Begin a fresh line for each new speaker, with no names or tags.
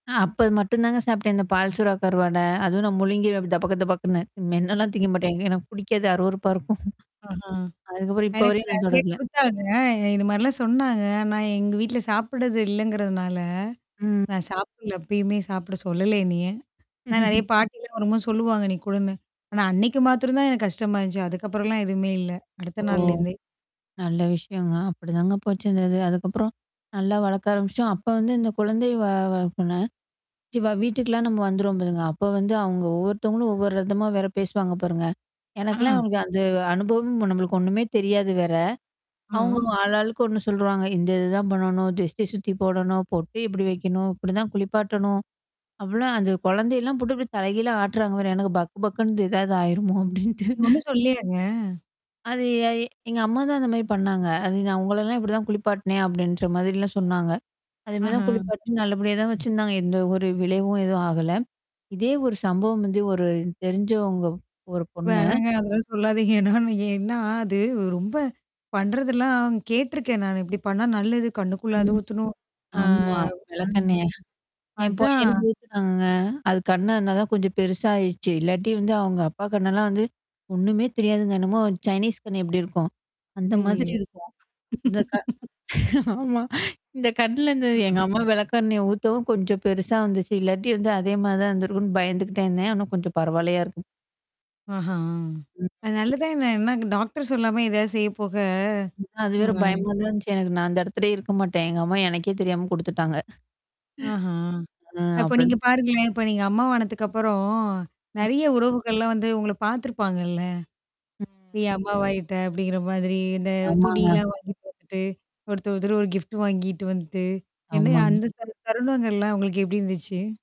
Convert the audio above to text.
ஆ. அப்ப மட்டும் தாங்க சாப்பிட்டேன். இந்த பால் சூறா கருவாட. அதுவும் நான் முழுங்கி டபக்கு டபக்குன்னு. மெண்ணலாம்
ம்.
தீங்க மாட்டேன் எனக்கு பிடிக்காது அருவருப்பா இருக்கும்.
ஆஹா.
அதுக்கப்புறம் இப்போ
எனக்கு
வரையும் நான்
நெறைய
தொட்ரதிலே.
குடுத்தாங்க. இது மாரிலாம் சொன்னாங்க. ஆனா எங்க வீட்ல சாப்படுறது இல்லங்கிறதுனால.
ம்.
நான் சாப்பிடல. அப்பயுமே சாப்பிட சொல்லல என்னைய? ஆனா நெறைய பாட்டிலாம் வரும்போ சொல்லுவாங்க நீ கூடன்னு. ஆனா அன்னைக்கு மாத்திரம் தான் எனக்கு கஷ்டமா இருந்துச்சு. அதுக்கப்புறம்லாம் எதுவுமே இல்ல.
ஓ!
அடுத்த நாள்லருந்தே.
நல்ல விஷயங்க. அப்படிதாங்க போச்சு இந்த இது. அதுக்கப்புறம். நல்லா வளர்க்க ஆரம்பிச்சுோம். அப்ப வந்து இந்த குழந்தை வ வளர்ப்புனா கண்டிப்பா வீட்டுக்கலாம் நம்ம வந்துருவோம் பாருங்க. அப்ப வந்து அவுங்க ஒவ்வொருத்தவங்களும் ஒவ்வொரு ரதமா வேற பேசுவாங்க பாருங்க.
ஆ.
எனக்கெல்லாம் வந்து அனுபவம் நம்மளுக்கு ஒண்ணுமே தெரியாது வேற.
ம்.
அவங்க
ம்.
ஆளாளுக்கு ஒண்ணு சொல்வாங்க. இந்த இதுதான் பண்ணணும், திருஷ்டி சுத்தி போடணும், பொட்டு இப்படி வைக்கணும். இப்படிதான் குளிப்பாட்டணும். அவளாம் அந்த குழந்தையெல்லாம் போட்டு அப்படி தலைகீழ ஆட்றாங்க வேற. எனக்கு பக்கு பக்குன்னுது ஏதாவது ஆயிருமோ அப்டின்ட்டு.
நீங்க ஒண்ணும் சொல்லையாங்க?
அது எ எங்க அம்மா தான் அந்த மாரி பண்ணாங்க. அது நான் உங்களல்லாம் இப்படி தான் குளிப்பாட்டனேன் அப்படின்ற மாதிரிலாம் சொன்னாங்க. அதே மாரி
ஆஹா.
தான் குளிப்பாட்ட நல்லபடியா தான் வச்சிருந்தாங்க. எந்த ஒரு விளைவும் எதுவும் ஆகல. இதே ஒரு சம்பவம் வந்து ஒரு தெரிஞ்சவங்க ஒரு பொண்ணு.
வேணங்க அதெல்லாம் சொல்லாதீங்க. ஏன்னா அது ரொம்ப பண்றதெல்லாம் கேட்டுருக்கேன் நானு. இப்படி பண்ணா நல்லது. கண்ணுக்குள்ள அது
ம்.
ஊத்தணும். ஆ.
ஆமா.
ஆ
வெளக்கண்ணயா என்
அதான்.
பையனுக்கு ஊத்துனாங்க. அது கண்ண இருந்தா தான் கொஞ்சம் பெருச ஆயிடுச்சு. இல்லாட்டி வந்து அவங்க அப்பா கண்ணலாம் வந்து, ஒண்ணுமே தெரியாதுங்க என்னமோ சைனீஸ் கண்ணு எப்படி இருக்கும்? அந்த மாதிரி
ஐயயோ!
இருக்கும். இந்த கா ஆமா. இந்த கண்ணுல இந்த எங்க
க்கும்.
அம்மா விளக்கண்னைய ஊத்தவும் கொஞ்சம் பெருசா வந்துச்சு. இல்லாட்டி வந்து அதே மாரி தான் இருந்திருக்கும்ன்னு பயந்துக்கிட்டே இருந்தேன். ஆனா கொஞ்சம் பரவாயில்லையா இருக்கும்.
ஆஹ்ம்.
ம்.
அ நல்லதான் ந என்னா டாக்டர் சொல்லாம ஏதாவது செய்ய போக
அது வேற
ம்.
பயமா தான் இருந்துச்சு. எனக்கு நான் அந்த இடத்துலயே இருக்க மாட்டேன். எங்க அம்மா எனக்கே தெரியாம குடுத்துட்டாங்க. ம்.
ஆஹ.
ஆ
அப்ப நீங்க
அப்டிதன்.
பாருங்களேன். இப்ப நீங்க அம்மா வானதுக்கப்புறம்
ம்.
நெறைய உறவுகள்லாம் வந்து உங்கள பார்த்துருப்பாங்கல்ல? நீ அம்மா வாயிட்ட அப்படிங்கிற மாதிரி இந்த
ஆமாங்க.
துணியெல்லாம் வாங்கி போட்டுட்டு. ஒருத்தர் ஒருத்தர் ஒரு கிஃப்ட் வாங்கிட்டு வந்துட்டு. என்னயா
ஆமாங்க.
அந்த ச தருணங்கள்லாம் உங்களுக்கு எப்படி இருந்துச்சு?